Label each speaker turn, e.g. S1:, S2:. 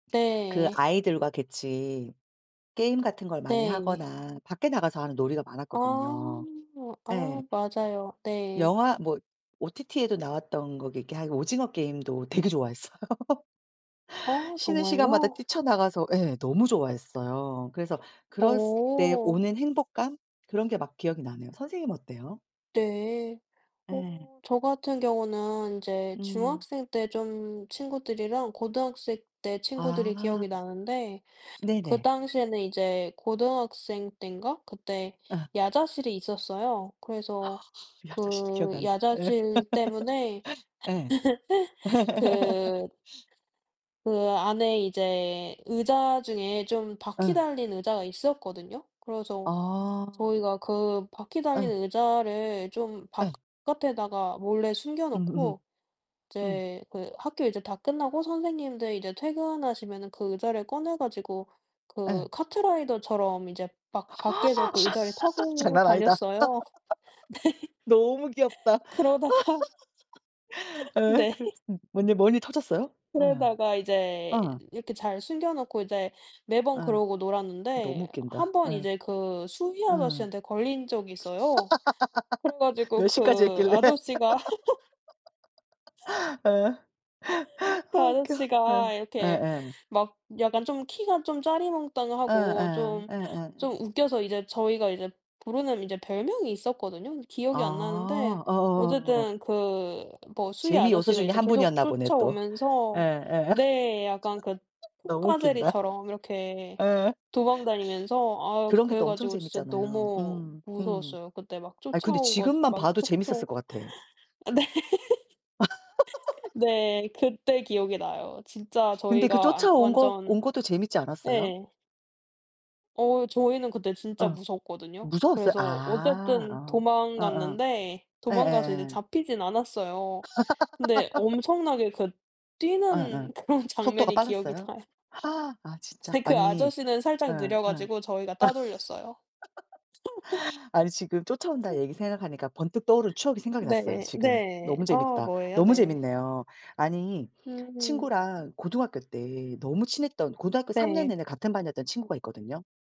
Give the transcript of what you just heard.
S1: 그
S2: 네.
S1: 아이들과 같이 게임 같은 걸 많이
S2: 네.
S1: 하거나 밖에 나가서 하는 놀이가
S2: 아.
S1: 많았거든요.
S2: 아
S1: 예.
S2: 맞아요. 네.
S1: 영화 뭐 OTT에도 나왔던 거 이렇게 하는 오징어 게임도 되게 좋아했어요.
S2: 아
S1: 쉬는 시간마다
S2: 정말요?
S1: 뛰쳐나가서 예 너무 좋아했어요. 그래서 그랬을 때
S2: 어.
S1: 오는 행복감 그런 게 막 기억이 나네요. 선생님은 어때요?
S2: 네. 어
S1: 예.
S2: 저 같은 경우는 이제
S1: 음.
S2: 중학생 때 좀 친구들이랑 고등학생 때 친구들이
S1: 아.
S2: 기억이 나는데 그
S1: 네네.
S2: 당시에는 이제 고등학생 땐가 그때
S1: 아.
S2: 야자실이 있었어요.
S1: 아
S2: 그래서
S1: 야자실도
S2: 그
S1: 기억난다. 예.
S2: 야자실 때문에
S1: 예.
S2: 그 그 안에 이제 의자 중에 좀 바퀴
S1: 예.
S2: 달린 의자가 있었거든요. 그래서
S1: 아.
S2: 저희가 그 바퀴 달린
S1: 예.
S2: 의자를 좀
S1: 예.
S2: 바깥에다가 몰래
S1: 음음.
S2: 숨겨놓고
S1: 음.
S2: 이제 그 학교 이제 다 끝나고 선생님들 이제 퇴근하시면은 그 의자를 꺼내 가지고 그
S1: 예.
S2: 카트라이더처럼 이제 막 밖에서 그 의자를 타고
S1: 장난 아니다.
S2: 다녔어요.
S1: 너무
S2: 네.
S1: 귀엽다.
S2: 그러다가
S1: 예
S2: 네.
S1: 그래서 뭔 일 뭔 일 터졌어요? 예.
S2: 그러다가 이제
S1: 어.
S2: 이렇게 잘 숨겨 놓고 이제 매번
S1: 아.
S2: 그러고
S1: 너무
S2: 놀았는데 1
S1: 웃긴다.
S2: 번
S1: 예.
S2: 이제 그 수의
S1: 예.
S2: 아저씨한테 걸린 적이 있어요. 그래 가지고
S1: 몇 시까지
S2: 그
S1: 했길래?
S2: 아저씨가
S1: 아
S2: 그
S1: 웃겨. 예.
S2: 아저씨가 이렇게
S1: 예예.
S2: 막 약간 좀 키가 좀 짜리몽땅하고
S1: 예예.
S2: 좀
S1: 예예예.
S2: 좀 웃겨서 이제 저희가 이제 부르는 이제 별명이 있었거든요. 근데
S1: 아
S2: 기억이 안 나는데 어쨌든
S1: 어어어어.
S2: 그 뭐 수위
S1: 재미 요소
S2: 아저씨가
S1: 중에
S2: 이제
S1: 1
S2: 계속
S1: 분이었나 보네 또.
S2: 쫓아오면서
S1: 예예
S2: 네 약간 그
S1: 너무
S2: 톰과
S1: 웃긴다.
S2: 제리처럼 이렇게
S1: 예.
S2: 도망 다니면서 아
S1: 그런 게
S2: 그래
S1: 또 엄청
S2: 가지고 진짜
S1: 재밌잖아요.
S2: 너무
S1: 음 음.
S2: 무서웠어요. 그때 막
S1: 아니 근데
S2: 쫓아오고
S1: 지금만
S2: 막
S1: 봐도 재밌었을
S2: 쫓고
S1: 것 같아.
S2: 네. 네 그때 기억이 나요. 진짜
S1: 근데 그
S2: 저희가 안
S1: 쫓아온 거 온
S2: 완전
S1: 것도 재밌지 않았어요?
S2: 예. 어 저희는 그때 진짜
S1: 어.
S2: 무서웠거든요.
S1: 무서웠어요?
S2: 그래서
S1: 아
S2: 어쨌든
S1: 어. 어 어.
S2: 도망갔는데 도망가서 이제
S1: 예예예.
S2: 잡히진 않았어요. 근데 엄청나게 그
S1: 예예.
S2: 뛰는 그런
S1: 속도가
S2: 장면이 기억이
S1: 빨랐어요?
S2: 나요.
S1: 아 진짜?
S2: 근데 그
S1: 아니
S2: 아저씨는 살짝
S1: 예예.
S2: 느려 가지고 저희가 따돌렸어요.
S1: 아니 지금 쫓아온다는 얘기 생각하니까 번뜩 떠오른 추억이 생각이 났어요.
S2: 네.
S1: 지금.
S2: 네.
S1: 너무
S2: 아
S1: 재밌다.
S2: 뭐예요?
S1: 너무
S2: 네.
S1: 재밌네요. 아니
S2: 음.
S1: 친구랑 고등학교 때 너무 친했던 고등학교 3 년
S2: 네.
S1: 내내 같은 반이었던 친구가 있거든요.